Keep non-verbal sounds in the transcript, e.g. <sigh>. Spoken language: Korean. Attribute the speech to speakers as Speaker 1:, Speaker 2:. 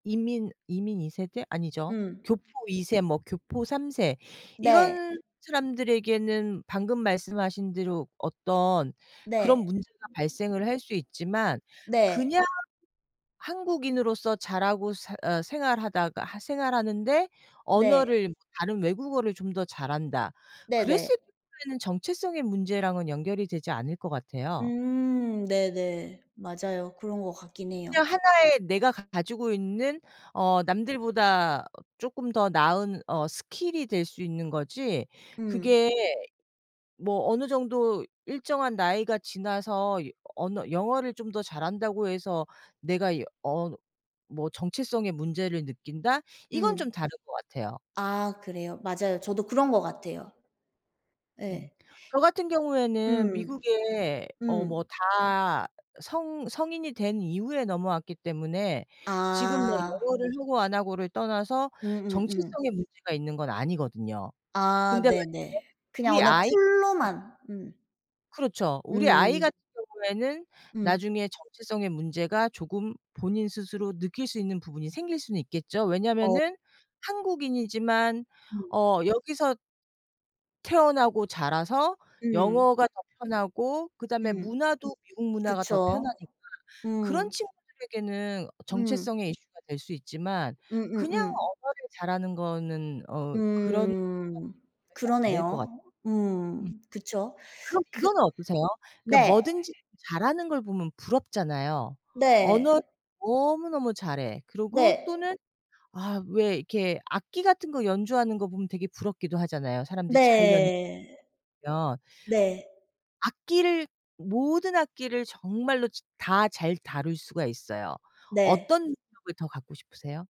Speaker 1: 이민 이민 2세대? 아니죠.
Speaker 2: 음.
Speaker 1: 교포 2세, 뭐 교포 3세
Speaker 2: 네.
Speaker 1: 이런 사람들에게는 방금 말씀하신 대로 어떤 그런
Speaker 2: 네.
Speaker 1: 문제가 발생을 할 수 있지만
Speaker 2: 네.
Speaker 1: 그냥 한국인으로서 자라고 사 어 생활하다가 생활하는데
Speaker 2: 네.
Speaker 1: 언어를 다른 외국어를 좀 더 잘한다
Speaker 2: 네네.
Speaker 1: 그랬을 경우에는 정체성의 문제랑은 연결이 되지 않을 것 같아요.
Speaker 2: 음. 네네. 맞아요. 그런 것 같긴 해요.
Speaker 1: 그냥 하나의 내가 가지고 있는 어 남들보다 쪼끔 더 나은 어 스킬이 될 수 있는 거지,
Speaker 2: 음.
Speaker 1: 그게 뭐 어느 정도 일정한 나이가 지나서 여 언어 영어를 좀 더 잘한다고 해서 내가 이 어 뭐 정체성의 문제를 느낀다? 이건
Speaker 2: 음.
Speaker 1: 좀 다른 것 같아요.
Speaker 2: 아. 그래요. 맞아요. 저도 그런 것 같아요.
Speaker 1: 음.
Speaker 2: 예.
Speaker 1: 저 같은 경우에는
Speaker 2: 음.
Speaker 1: 미국에 어
Speaker 2: 음.
Speaker 1: 뭐 다 성 성인이 된 이후에 넘어왔기 때문에 지금 뭐
Speaker 2: 아.
Speaker 1: 영어를 하고 안 하고를 떠나서
Speaker 2: 음음음.
Speaker 1: 정체성에 문제가 있는 건 아니거든요.
Speaker 2: 아.
Speaker 1: 근데
Speaker 2: 네네.
Speaker 1: 만약에
Speaker 2: 그냥
Speaker 1: 우리
Speaker 2: 언어
Speaker 1: 아이 <unintelligible>
Speaker 2: 툴로만. 음.
Speaker 1: 그렇죠. 우리 아이
Speaker 2: 음.
Speaker 1: 같은 경우에는
Speaker 2: 음.
Speaker 1: 나중에 정체성의 문제가 조금 본인 스스로 느낄 수 있는 부분이 생길 수는 있겠죠.
Speaker 2: 어.
Speaker 1: 왜냐하면은 한국인이지만
Speaker 2: 음.
Speaker 1: 어 여기서 태어나고 자라서
Speaker 2: 음.
Speaker 1: 영어가 더 편하고 그다음에
Speaker 2: 음.
Speaker 1: 문화도 미국 문화가 더
Speaker 2: 그쵸.
Speaker 1: 편하니까 그런
Speaker 2: 음.
Speaker 1: 친구들에게는
Speaker 2: 음.
Speaker 1: 정체성의 이슈가 될 수 있지만 그냥
Speaker 2: 음음음.
Speaker 1: 언어를 잘하는 거는 어 그런 <unintelligible>
Speaker 2: 음.
Speaker 1: 들이 안 될 것 같
Speaker 2: 그러네요. 음.
Speaker 1: 음.
Speaker 2: 그쵸.
Speaker 1: 그럼
Speaker 2: 그
Speaker 1: 이거는 어떠세요? 그러니까
Speaker 2: 네.
Speaker 1: 뭐든지 잘하는 걸 보면 부럽잖아요.
Speaker 2: 네.
Speaker 1: 언어 너무너무 잘해. 그리고
Speaker 2: 네.
Speaker 1: 또는 아 왜 이렇게 악기 같은 거 연주하는 거 보면 되게 부럽기도 하잖아요, 사람들이 잘 연 <unintelligible>
Speaker 2: 네.
Speaker 1: 면.
Speaker 2: 네.
Speaker 1: 악기를 모든 악기를 정말로 치 다 잘 다룰 수가 있어요. 어떤
Speaker 2: 네.
Speaker 1: 능력을 더 갖고 싶으세요?